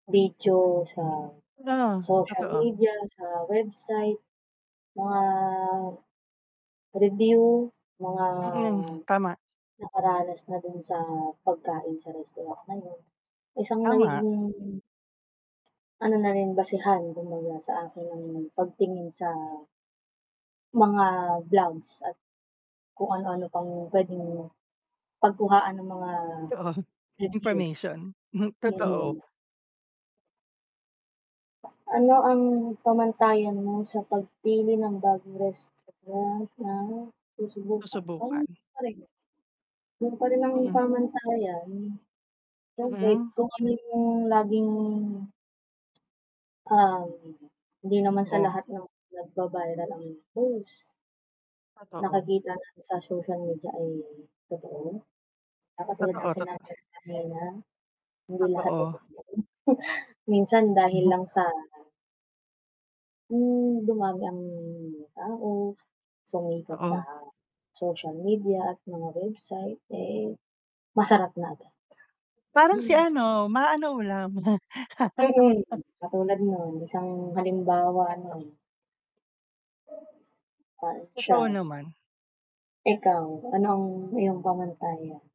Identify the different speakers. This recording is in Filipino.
Speaker 1: Video sa
Speaker 2: La,
Speaker 1: social
Speaker 2: totoo.
Speaker 1: media, sa website, mga review, mga
Speaker 2: Mm, tama.
Speaker 1: nakaranas na dun sa pagkain sa restaurant na yun, isang
Speaker 2: Tama.
Speaker 1: nagiging ano na rin basehan kumbaga sa akin ang pagtingin sa mga blogs at kung ano ano pang puwedeng pagkuhaan ng mga
Speaker 2: Totoo,
Speaker 1: reviews.
Speaker 2: information, hmm,
Speaker 1: Mm.
Speaker 2: totoo.
Speaker 1: Ano ang pamantayan mo sa pagpili ng bagong restaurant na susubukan?
Speaker 2: Susubukan.
Speaker 1: Yun pa rin ang
Speaker 2: Mm.
Speaker 1: pamantayan, siyempre
Speaker 2: Mm.
Speaker 1: kung ano yung laging um, hindi naman sa
Speaker 2: Oo.
Speaker 1: lahat ng nagba-viral ang post
Speaker 2: Totoo.
Speaker 1: nakikita na sa social media ay totoo na katulad ng
Speaker 2: Totoo,
Speaker 1: sinabi
Speaker 2: totoo.
Speaker 1: kanina, hindi lahat ay
Speaker 2: Totoo.
Speaker 1: totoo minsan dahil
Speaker 2: Ma.
Speaker 1: lang sa Hmm dumami ang tao, sumikat sa
Speaker 2: Oo.
Speaker 1: social media at mga website eh, masarap na agad.
Speaker 2: Parang si ano, ma ano ulam?
Speaker 1: Mm, katulad non isang halimbawa non. Fun
Speaker 2: Totoo
Speaker 1: Chow.
Speaker 2: naman.
Speaker 1: Ikaw, ano ang iyong pamantayan?